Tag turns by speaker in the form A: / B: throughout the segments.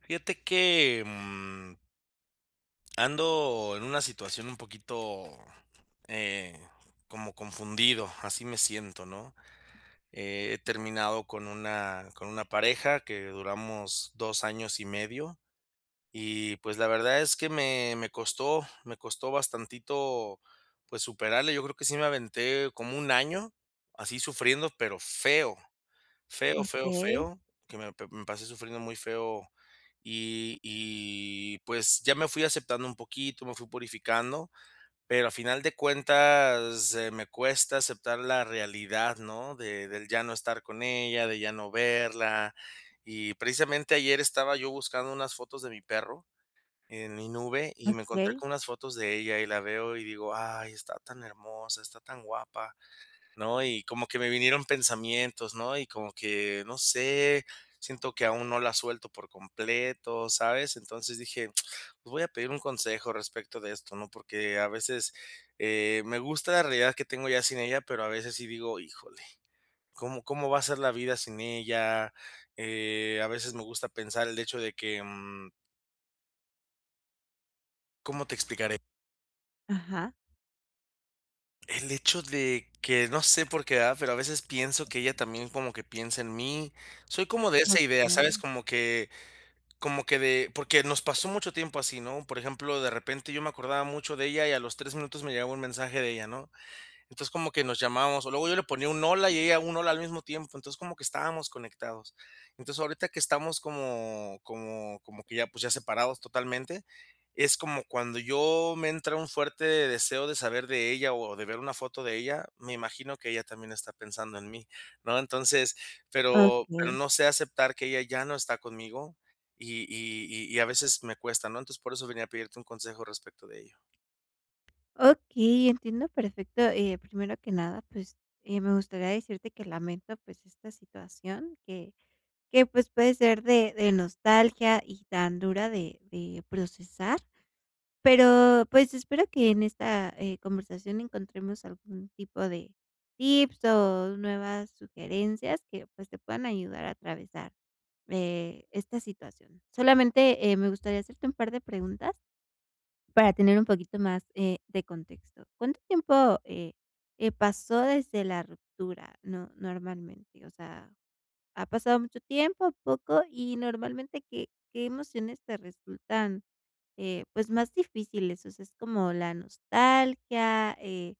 A: Fíjate que, mm Ando en una situación un poquito, eh, como confundido, así me siento, ¿no? He terminado con una con una pareja que duramos 2 años y medio y pues la verdad es que me me costó me costó bastantito, pues, superarla. Yo creo que sí me aventé como 1 año, así sufriendo, pero feo. Feo, feo,
B: Okey.
A: feo, que me p me pasé sufriendo muy feo. Y y pues ya me fui aceptando un poquito, me fui purificando, pero a final de cuentas, eh, me cuesta aceptar la realidad, ¿no?, de del ya no estar con ella, de ya no verla. Y precisamente ayer estaba yo buscando unas fotos de mi perro en mi nube y, me encontré
B: Okey.
A: con unas fotos de ella y la veo y digo: "Ay, está tan hermosa, está tan guapa", ¿no? Y como que me vinieron pensamientos, ¿no? Y como que, no sé, siento que aún no la suelto por completo, ¿sabes? Entonces dije: "Pues voy a pedir un consejo respecto de esto", ¿no? Porque a veces, eh, me gusta la realidad que tengo ya sin ella, pero a veces sí digo: "Híjole, ¿cómo como va a ser la vida sin ella?". Eh, a veces me gusta pensar, el hecho de que, mm ¿Cómo te explicaré?
B: Ajá.
A: El hecho de que, no sé por qué, ¿verdad?, pero a veces pienso que ella también como que piensa en mí. Soy como de esa idea, ¿sabes?,
B: Okey.
A: como que como que de porque nos pasó mucho tiempo así, ¿no? Por ejemplo, de repente, yo me acordaba mucho de ella, y a los 3 minutos me llegaba un mensaje de ella, ¿no? Entonces, como que nos llamábamos, o luego yo le ponía un: "Hola", y ella un: "Hola" al mismo tiempo. Entonces como que estábamos conectados. Entonces, ahorita que estamos como como como que ya, pues ya separados totalmente, es como cuando yo me entra un fuerte deseo de saber de ella o de ver una foto de ella, me imagino que ella también está pensando en mí, ¿no? Entonces, pero pero
B: Okey.
A: no sé aceptar que ella ya no está conmigo. Y y y y a veces me cuesta, ¿no? Entonces, por eso venía a pedirte un consejo respecto de ello.
B: Okey, entiendo perfecto, eh, primero que nada, pues eh, me gustaría decirte que lamento, pues, esta situación que que pues, puede ser de de nostalgia y tan dura de de procesar, pero pues, espero que en esta, eh, conversación encontremos algún tipo de tips o nuevas sugerencias que pues, te puedan ayudar a atravesar, eh, esta situación. Solamente, eh, me gustaría hacerte un par de preguntas, para tener un poquito más, eh, de contexto. ¿Cuánto tiempo, eh eh, pasó desde la ruptura, no normalmente? O sea, ¿ha pasado mucho tiempo, poco? Y, normalmente, ¿qué qué emociones te resultan, eh, pues más difíciles? O sea, ¿es como la nostalgia, eh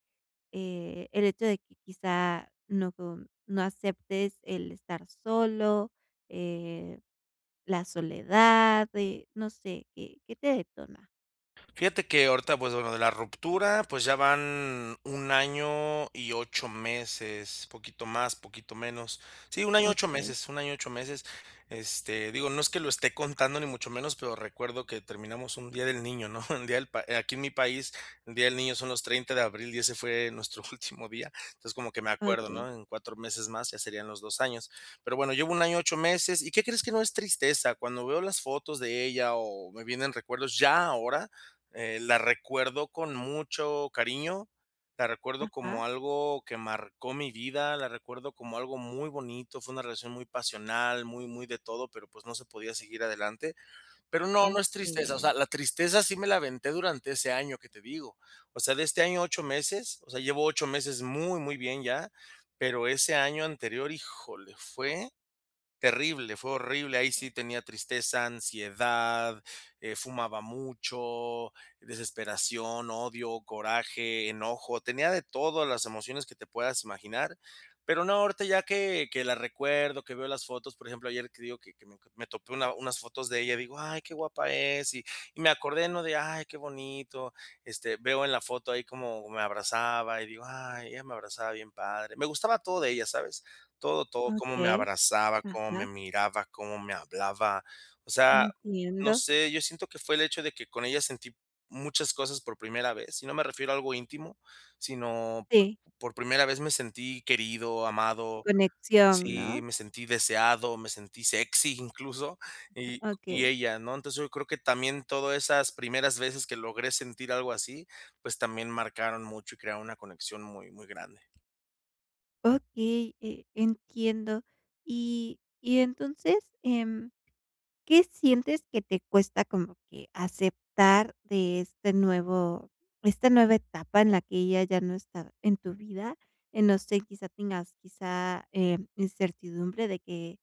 B: eh, el hecho de que quizá no com no aceptes el estar solo, eh, la soledad, eh, no sé? ¿Qué qué te detona?
A: Fíjate que, ahorita pues bueno, de la ruptura, pues ya van 1 año y 8 meses, poquito más, poquito menos. Sí, un 1 año 8
B: Okey.
A: meses, 1 año 8 meses, este, digo, no es que lo esté contando ni mucho menos, pero recuerdo que terminamos un Día del Niño, ¿no? El día del pa aquí en mi país, el Día del Niño son los 30 de abril y ese fue nuestro último día. Entonces, como que me acuerdo,
B: Okey.
A: ¿no? En 4 meses más, ya serían los 2 años. Pero bueno, llevo 1 año, 8 meses. Y ¿qué crees? que no es tristeza. Cuando veo las fotos de ella o me vienen recuerdos ya ahora, eh, la recuerdo con mucho cariño, la recuerdo
B: Ajá.
A: como algo que marcó mi vida, la recuerdo como algo muy bonito. Fue una relación muy pasional, muy, muy de todo, pero pues no se podía seguir adelante. Pero no, no es tristeza, o sea,
B: Okey.
A: la tristeza sí me la aventé durante ese año que te digo. O sea, de este año 8 meses, o sea, llevo 8 meses muy, muy bien ya. Pero ese año anterior, híjole, fue terrible, fue horrible. Ahí sí tenía tristeza, ansiedad, eh, fumaba mucho, desesperación, odio, coraje, enojo. Tenía de todo las emociones que te puedas imaginar. Pero no, ahorita ya que que la recuerdo, que veo las fotos, por ejemplo, ayer te digo que que me to me topé una unas fotos de ella, digo: "Ay, qué guapa es" y y me acordé, ¿no?, de: "Ay, qué bonito", este, veo en la foto ahí como me abrazaba y digo: "Ay, ella me abrazaba bien padre". Me gustaba todo de ella, ¿sabes? Todo, todo, cómo me
B: Okey.
A: abrazaba, cómo me
B: Ajá.
A: miraba, cómo me hablaba. O sea, no
B: Entiendo.
A: sé, yo siento que fue el hecho de que con ella sentí muchas cosas por primera vez y no me refiero a algo íntimo. Sino
B: Sí.
A: por primera vez me sentí querido, amado,
B: Conexión,
A: sí,
B: ¿no?
A: me sentí deseado, me sentí sexy incluso, y y
B: Okey.
A: ella ¿no? Entonces yo creo que también todas esas primeras veces que logré sentir algo así, pues también marcaron mucho y crearon una conexión muy, muy grande.
B: Okey, eh, entiendo. Y y entonces, em, ¿qué sientes que te cuesta como que aceptar de este nuevo esta nueva etapa en la que ella ya no está en tu vida?, eh, no sé, quizá tengas quizá, em, incertidumbre de que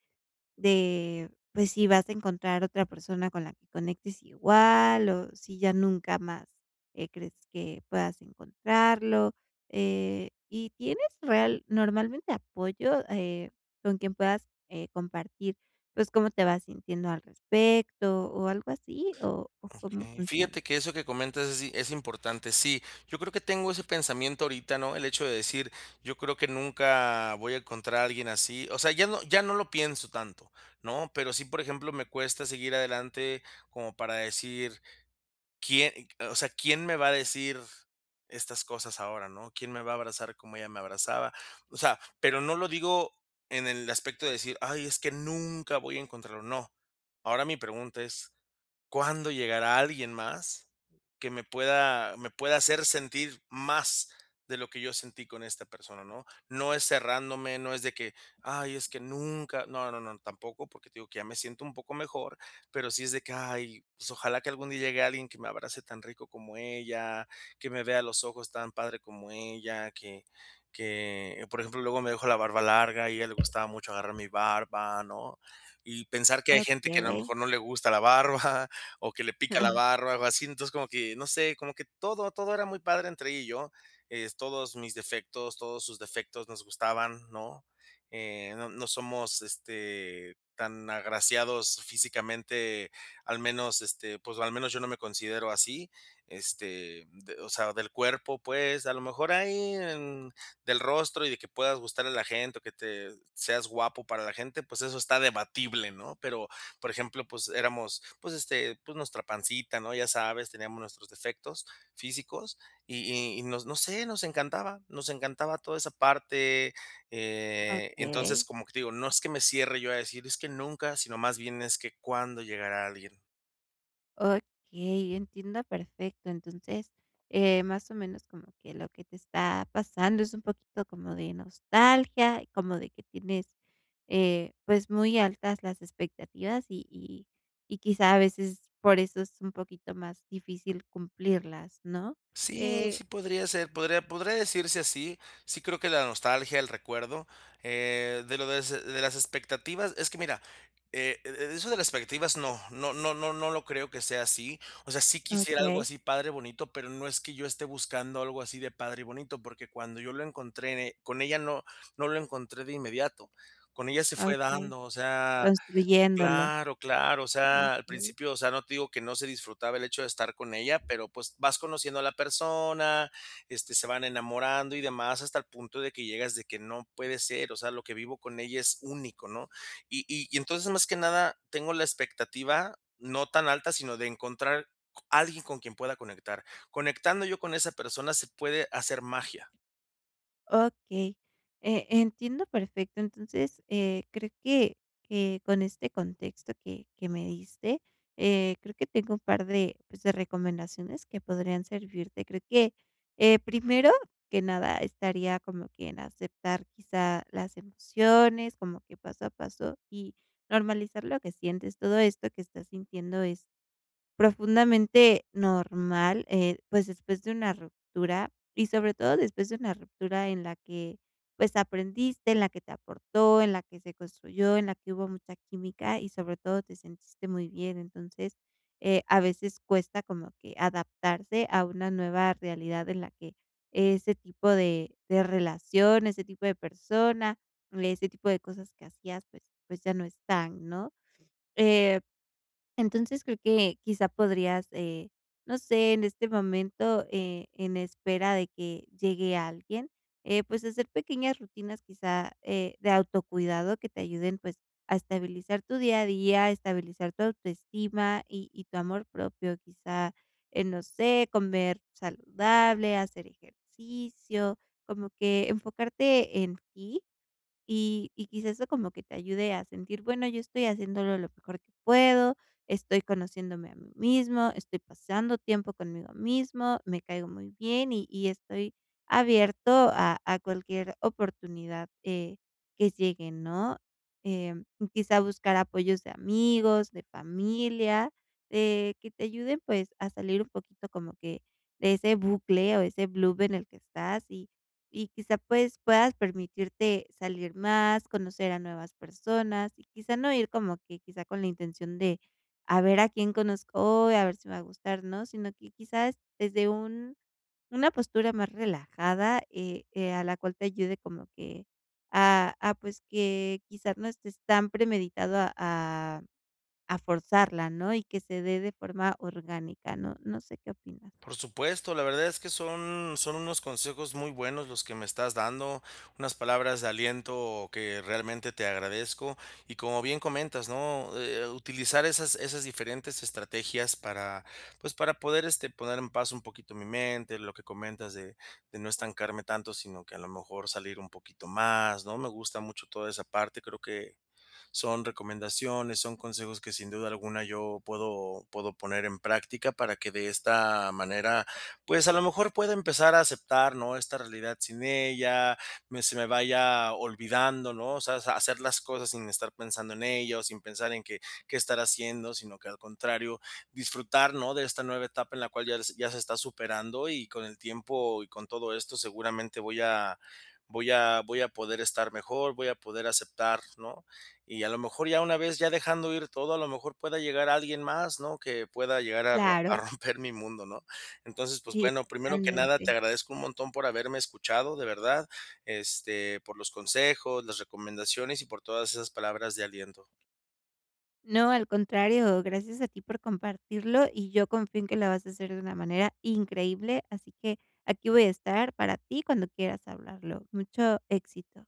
B: de pues, si vas a encontrar otra persona con la que conectes igual o si ya nunca más, eh, crees que puedas encontrarlo, eh, y ¿tienes real normalmente apoyo, eh, con quien puedas, eh, compartir pues, cómo te vas sintiendo al respecto, o algo así? ¿O o cómo
A: Okey.
B: funciona?
A: Fíjate que eso que comentas así, es importante. Sí, yo creo que tengo ese pensamiento ahorita, ¿no? el hecho de decir: "Yo creo que nunca voy a encontrar a alguien así". O sea, ya no ya no lo pienso tanto, ¿no? Pero sí, por ejemplo, me cuesta seguir adelante como para decir: "¿Quién", eh, o sea: "Quién me va a decir estas cosas ahora", ¿no? "¿Quién me va a abrazar como ella me abrazaba?" O sea, pero no lo digo en el aspecto de decir: "Ay, es que nunca voy a encontrarlo", no. Ahora mi pregunta es, ¿cuándo llegará alguien más que me pueda me pueda hacer sentir más de lo que yo sentí con esta persona?, ¿no? No es cerrándome, no es de que: "Ay, es que nunca". No, no, no, tampoco, porque te digo que ya me siento un poco mejor, pero sí es de que: "Ay, pues ojalá que algún día llegue alguien que me abrace tan rico como ella, que me vea a los ojos tan padre como ella, que que". Por ejemplo, luego me dejo la barba larga y a ella le gustaba mucho agarrar mi barba, ¿no? Y pensar que hay gente que a lo
B: Okey.
A: mejor no le gusta la barba o que le pica la barba, algo así. Entonces como que, no sé, como que todo, todo era muy padre entre ella y yo, eh, s todos mis defectos, todos sus defectos, nos gustaban, ¿no?, eh, no no somos este, tan agraciados físicamente, al menos, este, pues, al menos yo no me considero así, este, d o sea, del cuerpo, pues. A lo mejor ahí, em, del rostro y de que puedas gustarle a la gente o que te seas guapo para la gente, pues, eso está debatible, ¿no? Pero, por ejemplo, pues éramos, pues, este, pues, nuestra pancita, ¿no? Ya sabes, teníamos nuestros defectos físicos y y y no no sé, nos encantaba. Nos encantaba toda esa parte, eh, entonces,
B: Okey.
A: como te digo, no es que me cierre yo a decir: "Es que nunca", sino, más bien, es que, "¿cuándo llegará alguien?".
B: Okey, entiendo perfecto. Entonces, eh, más o menos como que lo que te está pasando es un poquito como de nostalgia, como de que tienes, eh, pues muy altas las expectativas y y y quizá a veces por eso es un poquito más difícil cumplirlas, ¿no?
A: Sí,
B: Eh
A: sí, podría ser. Podría podría decirse así. Sí creo que la nostalgia, el recuerdo, eh, de lo des de las expectativas, es que mira, eh, e eso de las expectativas, no no no no no lo creo que sea así. O sea, sí quisiera algo
B: Okey.
A: así padre, bonito, pero no es que yo esté buscando algo así de padre y bonito porque cuando yo lo encontré en e con ella no no lo encontré de inmediato. Con ella se fue
B: Okey,
A: dando, o sea
B: construyéndolo.
A: claro, claro. O sea, al
B: Okey.
A: principio, o sea, no te digo que no se disfrutaba el hecho de estar con ella, pero pues vas conociendo a la persona, este, se van enamorando y demás, hasta el punto de que llegas de que "no puede ser, o sea, lo que vivo con ella es único", ¿no? Y y y entonces más que nada, tengo la expectativa no tan alta, sino de encontrar c alguien con quien pueda conectar. Conectando yo con esa persona, se puede hacer magia.
B: Okey. Eh, entiendo perfecto. Entonces, eh, creo que que con este contexto que que me diste, eh, creo que tengo un par de, pues, de recomendaciones que podrían servirte. Creo que, eh, primero que nada estaría como que en aceptar quizá las emociones, como que paso a paso y normalizar lo que sientes. Todo esto que estás sintiendo es profundamente normal, eh, pues, después de una ruptura y sobre todo después de una ruptura en la que, pues, aprendiste, en la que te aportó, en la que se construyó, en la que hubo mucha química y sobre todo te sentiste muy bien. Entonces, eh, a veces cuesta como que adaptarse a una nueva realidad en la que ese tipo de de relación, ese tipo de persona, ese tipo de cosas que hacías, pues pues ya no están, ¿no? Eh, entonces creo que quizá podrías, eh, no sé, en este momento, eh, en espera de que llegue alguien, eh, pues hacer pequeñas rutinas quizá, eh, de autocuidado que te ayuden, pues, a estabilizar tu día a día, a estabilizar tu autoestima y y tu amor propio, quizá en, no sé, comer saludable, hacer ejercicio, como que enfocarte en ti y y quizás eso como que te ayude a sentir: "Bueno, yo estoy haciéndolo lo mejor que puedo, estoy conociéndome a mí mismo, estoy pasando tiempo conmigo mismo, me caigo muy bien y y estoy abierto a a cualquier oportunidad, eh, que llegue", ¿no? Eh, quizá buscar apoyos de amigos, de familia, eh, que te ayuden, pues, a salir un poquito como que de ese bucle o ese blub en el que estás y y quizá, pues, puedas permitirte salir más, conocer a nuevas personas y quizá no ir como que quizá con la intención de: "A ver a quién conozco, a ver si me va a gustar", ¿no?, sino que quizás desde un una postura más relajada, eh eh, a la cual te ayude como que a a, pues, que quizás no estés tan premeditado a a a forzarla, ¿no? Y que se dé de forma orgánica, ¿no? ¿No sé qué opinas?
A: Por supuesto, la verdad es que son son unos consejos muy buenos los que me estás dando, unas palabras de aliento que realmente te agradezco y como bien comentas, ¿no? Eh, utilizar esas esas diferentes estrategias para pues para poder, este, poner en paz un poquito mi mente, lo que comentas de de no estancarme tanto, sino que a lo mejor salir un poquito más, ¿no? Me gusta mucho toda esa parte, creo que son recomendaciones, son consejos que sin duda alguna yo puedo puedo poner en práctica para que de esta manera, pues a lo mejor pueda empezar a aceptar, ¿no? Esta realidad sin ella, me se me vaya olvidando, ¿no? O sea, sa hacer las cosas sin estar pensando en ella o sin pensar en que que estará haciendo, sino que al contrario, disfrutar, ¿no? De esta nueva etapa en la cual ya se ya se está superando y con el tiempo y con todo esto, seguramente voy a voy a voy a poder estar mejor, voy a poder aceptar, ¿no? Y a lo mejor ya una vez ya dejando ir todo, a lo mejor pueda llegar alguien más, ¿no? Que pueda llegar a ro a
B: Claro.
A: romper mi mundo, ¿no? Entonces, pues
B: Sí,
A: bueno, primero que nada te
B: totalmente.
A: agradezco un montón por haberme escuchado, de verdad, este, por los consejos, las recomendaciones y por todas esas palabras de aliento.
B: No, al contrario. Gracias a ti por compartirlo y yo confío en que lo vas a hacer de una manera increíble, así que aquí voy a estar para ti cuando quieras hablarlo. Mucho éxito.